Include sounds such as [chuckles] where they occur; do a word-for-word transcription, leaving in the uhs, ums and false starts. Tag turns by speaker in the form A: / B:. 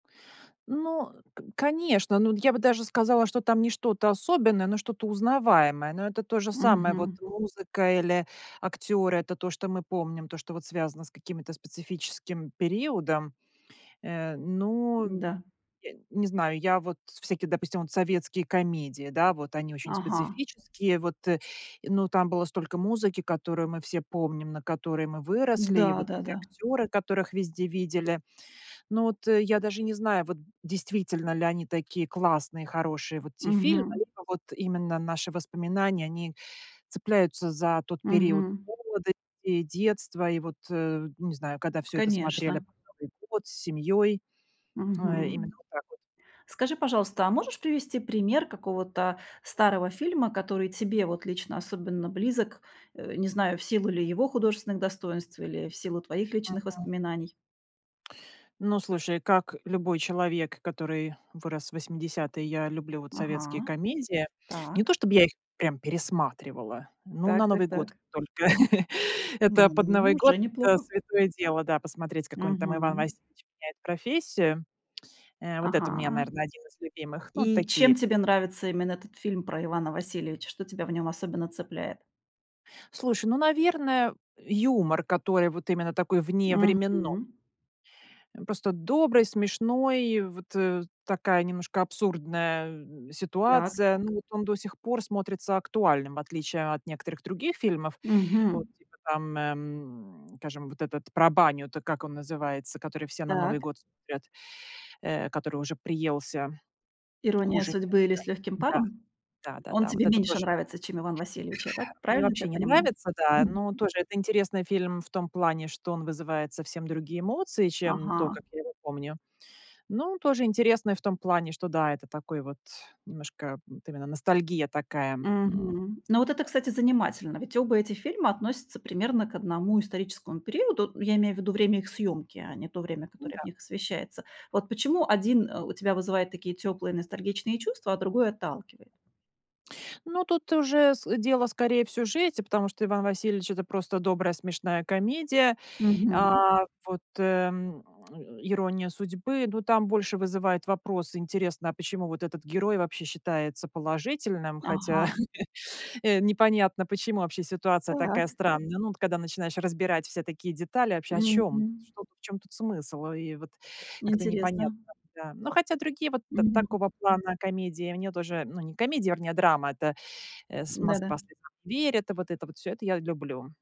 A: Ну, э, к конечно, ну, я бы даже сказала, что там не что-то особенное, но что-то узнаваемое. Но это то же самое, вот
B: Мгм.
A: музыка или актёры, это то, что мы помним, то, что вот связано с каким-то специфическим периодом. Э, ну,
B: Н-да.
A: и не знаю, я вот всякие, допустим, вот советские комедии, да, вот они очень
B: Ага.
A: специфические, вот, и но там было столько музыки, которую мы все помним, на которой мы выросли, и вот те
B: Да-да-да.
A: актёры, которых везде видели. Но вот, э, я даже не знаю, вот действительно ли они такие классные, хорошие вот те фильмы,
B: Мгм.
A: либо вот именно наши воспоминания, они цепляются за тот период
B: Мгм.
A: молодости и детства. И вот, э, ну не знаю, когда всё это смотрели на
B: Конечно.
A: Новый год с семьёй. Э, именно
B: Мгм.
A: вот так вот.
B: Скажи, пожалуйста, а можешь привести пример какого-то старого фильма, который тебе вот лично особенно близок, э, не знаю, в силу ли его художественных достоинств или в силу твоих личных
A: Мгм.
B: воспоминаний?
A: Ну, слушай, как любой человек, который вырос в восьмидесятые, я люблю вот советские
B: Ага,
A: комедии. Не
B: так.
A: то чтобы я их прям пересматривала, но
B: Так
A: на
B: так
A: Новый год
B: так.
A: только. [laughs] Это под Новый
B: Ну,
A: год-
B: уже
A: это
B: неплохо.
A: святое дело, да, посмотреть какой-нибудь там "Иван
B: Мгм.
A: Васильевич меняет профессию". [tsk] Э, вот это у меня,
B: Ага.
A: наверное, один из любимых. Ну,
B: И
A: такие.
B: чем тебе нравится именно этот фильм про Ивана Васильевича? Что тебя в нём особенно цепляет?
A: Слушай, ну, наверно, юмор, который вот именно такой вневременно
B: Мгм.
A: Э, просто добрый, смешной, вот, э, такая немножко абсурдная, м,
B: Так
A: ситуация. Ну
B: так.
A: вот он до сих пор смотрится актуальным, в отличие от некоторых других фильмов.
B: Мгм.
A: Вот типа там, эм, скажем, вот этот про баню-то, как он называется, который все на Новый
B: Так.
A: год смотрят, э, который уже приелся,
B: "Ирония
A: хуже
B: судьбы", или
A: некуда.
B: "С лёгким
A: Да,
B: паром!"
A: да,
B: Он
A: да-да, вот
B: тебе
A: это
B: меньше
A: тоже.
B: нравится, чем "Иван Васильевич". Я так
A: Мне
B: правильно тебя
A: вообще не
B: понимаю?
A: нравится, да.
B: Мгм.
A: Но тоже это интересный фильм в том плане, что он вызывает совсем другие эмоции, чем то,
B: Ага.
A: как я его помню. Но он тоже интересный в том плане, что да, это такой вот немножко, вот именно ностальгия такая, м.
B: Мгм. Ну, вот это, кстати, занимательно. Ведь оба эти фильма относятся примерно к одному историческому периоду. Ну, я имею в виду время их съёмки, а не то время,
A: Ну
B: которое в
A: да.
B: них освещается. Вот почему один, э, у тебя вызывает такие тёплые, ностальгичные чувства, а другой отталкивает?
A: Ну, тут уже с дело скорее в сюжете, потому что "Иван Васильевич"- это просто добрая смешная комедия.
B: Мгм.
A: А вот, эм, "Ирония судьбы" Ну, там больше вызывает вопрос интересно, а почему вот этот герой вообще считается положительным, хотя,
B: Ага.
A: [chuckles] э, непонятно, почему вообще ситуация такая
B: Так.
A: странная. Ну, вот когда начинаешь разбирать все такие детали, вообще, о чём,
B: Мгм.
A: что, в чём тут смысл? И вот как-то непонятно.
B: Интересно.
A: Да. Но хотя другие вот та
B: Мгм.
A: такого плана комедии мне тоже, ну, не комедия, вернее драма, это, э, с
B: Да-да.
A: "Москва слезам не верит". И вот это вот всё, это я люблю.